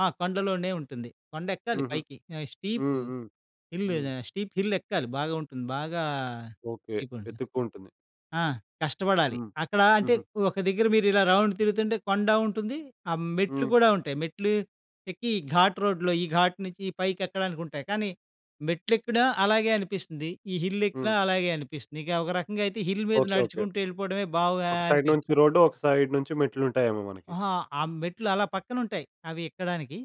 ఆ! కొండలోనే ఉంటుంది. కొండెక్కాలి హుహు. పైకి. ఆహ్, స్టీపు హ్మ్. హ్మ్. హిల్లు హ్మ్. ఆహ్, స్టీప్ హిల్లెక్కాలి బాగా ఉంటుంది. బాగా ఓకే. ఈ కొండ వెతుక్కుంటుంది. ఆ! కష్టపడాలి. హ్మ్. అక్కడా అంటే, హుహు. ఒక దగ్గర మీరిలా రౌండ్ తిరుగుతుంటే కొండా ఉంటుంది. ఆహ్, మెట్లు హ్మ్. గూడా ఉంటాయి. మెట్లు ఎక్కి ఘాట్ రోడ్‌లో, ఈ ఘాట్ నించి పైకెక్కడానికుంటాయి. కానీ మెట్లెక్కినా అలాగే అనిపిస్తంది. ఈ హిల్లెక్కినా హ్మ్. అలాగే అనిపిస్తంది. ఇక ఒక రకంగా అయితే హిల్ మీద ఓకే. ఓకే. నడుచుకుంటూ యెళ్ళిపోడమే ఒక సైడ్ బావుగానిపి నుంచి రోడ్డు, ఒక సైడ్ నుంచి మెట్లుంటాయేమో మనకి. అహా! ఆ మెట్లు అలా పక్కనుంటాయి, అవి ఎక్కడానికి.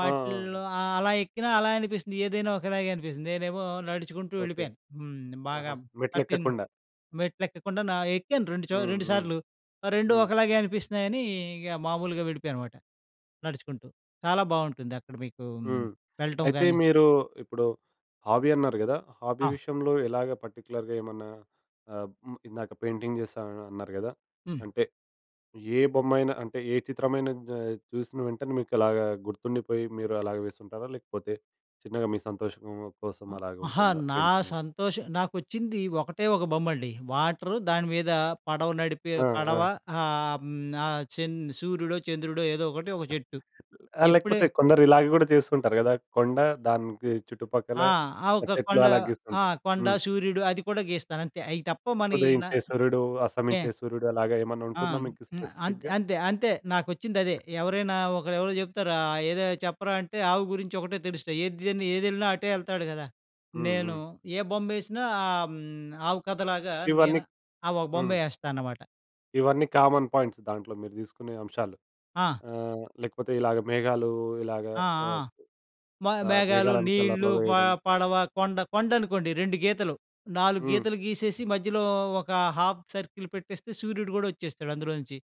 ఆ! ఆ! అలా ఎక్కినా అలానే అనిపిస్తంది, ఏదైనా ఒకలాగే అనిపిస్తంది. నేనేమో నడుచుకుంటూ ఓకే. వెళ్ళిపోయాను. హ్మ్. బాగా ఆహా! పట్టిన్ మెట్లులెక్కకుండా. మెట్లెక్కకుండానా ఎక్కాను 2 చో హ్మ్. 2 హ్మ్. సార్లు. రెండూ హ్మ్. ఒకలాగే అనిపిస్తన్నాయనీ ఇగ మామూలుగా వెళ్ళిపోయానమాట నడుచుకుంటూ. చాలా బావుంటుంది అక్కడ మీకూ హ్మ్, హ్మ్. వెళ్ళటం అయితే, గానీ మీరూ ఇప్పుడు హాబీ అన్నారు గదా! హాబీ ఆ! విషయంలో ఎలాగా పర్టిక్యులర్‌గా ఏమన్నా ఆహ్, మ్ ఇందాక పెయింటింగేస్తా అని అన్నారు గదా! హ్మ్. అంటే, ఏ బొమ్మమైన అంటే, ఏ చిత్రమైనా గా చూసిన వెంటనే మీకలాగా గుర్తుండిపోయి మీరలాగ వేసుంటారా, లేకపోతే చిన్నగా మీ సంతోషం కోసం ఆ! అహా! అలాగుంటుందా నా పెయింటింగ్? సంతోషం నాకొచ్చిందీ ఒకటే ఒక బొమ్మండి. వాటరు దాని మీదా పడవ నడిపే ఆ! పడవ ఆ! ఆహ్, హ్మ్, ఆహ్, చన్ సూర్యుడో, చంద్రుడో ఏదో ఒకటి, ఒక చెట్టు. ఎప్పుడే లేకపోతే కొందరిలాగ గూడా చేస్తూంటారు గదా! కొండ దానికి చుట్టుపక్కల ఆ! ఆహ్, ఆహ్, ఒక చెట్లు కొండ అలాగ ఆ! గీస్తుంటారు. కొండ, హ్మ్. సూర్యుడు అది కూడా గీస్తానంతే. అయి తప్ప మన ఈ నా ఉదయించే సూర్యుడు, నే అస్తమించే సూర్యుడు అలాగా ఆ! ఏమన్నుంటుందా మీకు హ్మ్. అంత్ స్పెసిఫిక్‌గా? అంతె అంతే. నాకొచ్చిందదే. ఎవరైనా ఒకరెవరో చెప్తారు ఆహ్, ఏదో చెప్పరా అంటే, ఆవు గురించొకటే తెలుస్తయి. ఏద్ దని ఏదెళ్ళినా అటే యెళ్తాడు గదా! హ్మ్, నేను హ్మ్. ఏ బొమ్మేసినా ఆహ్, హ్మ్, ఆవు కథలాగా ఇవన్నీ నేను ఆహ్, ఆ ఒక హ్మ్. బొమ్మే యేస్తానమాట. ఇవన్నీ కామన్ పాయింట్స్. దాంట్లో మీరు తీసుకునే అంశాలు. ఆ! ఆహ్, లేకపోతే ఇలాగ మేఘాలు, ఇలాగ ఆ! ఆ! ఆహ్ మ ఆహ్, మేఘాలు, మేఘాలను కలర్‌లో నీళ్ళు, ప వేయడం. పడవ, కొండ కొండనుకోండి 2 గీతలు, 4 హ్మ్. గీతలు గీసేసి, మధ్యలో ఒకా ½ సర్కిల్ పెట్టేస్తే సూర్యుడు గోడొచ్చేస్తాడు అందులోంచి.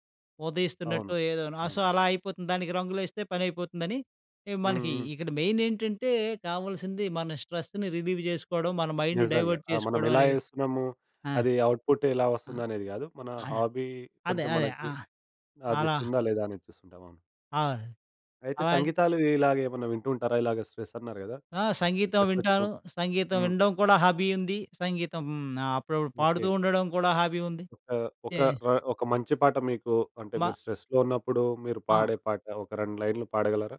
అవును. ఉదయిస్తున్నట్టో ఏదో. నా సో, అవును. అలా అయిపోతుంది. దానికి రంగులేస్తే పనయిపోతుందని ఆహ్, హ్మ్. మనకీ హ్మ్. ఇక్కడ మెయినేంటంటే కావల్సింది, మన స్ట్రెస్‌ని రిలీవ్ చేసుకోడం, మన మైండ్ నిజంగా. డైవర్ట్ ఆహ్, మనమెలా చేసుకోడవనేదే. యేస్తున్నము. ఆ! అది అవుట్‌పుట్టెలా ఆ! వస్తందనేది గాదు. మనా ఆయ హాబీ అదే కొంచం అదే. ఆ! మనకి అలా అదిస్తుందా లేదా అనేది చూస్తుంటాం. అవును. అవును. అయితే, అలాన్ సంగీతాలు ఇలాగేమన్నా వింటూ ఉంటారా? ఇలాగ స్ట్రెస్సన్నారు గదా! ఆ! సంగీతం ఎస్వెత్తురం వింటాను. సంగీతం హ్మ్. వినడం కూడా హాబీ ఉంది. సంగీతం ఆహ్, అప్పుడప్పుడు పాడుతూ ఓకే. ఉండడం కూడా హాబీ ఉంది. ఒక తే ఒక ర ఒక మంచి పాట మీకు అంటే, మా మీరు స్ట్రెస్‌లో ఉన్నప్పుడు, మీరు ఆ! పాడే పాట ఒక 2 లైన్‌లు పాడగలరా?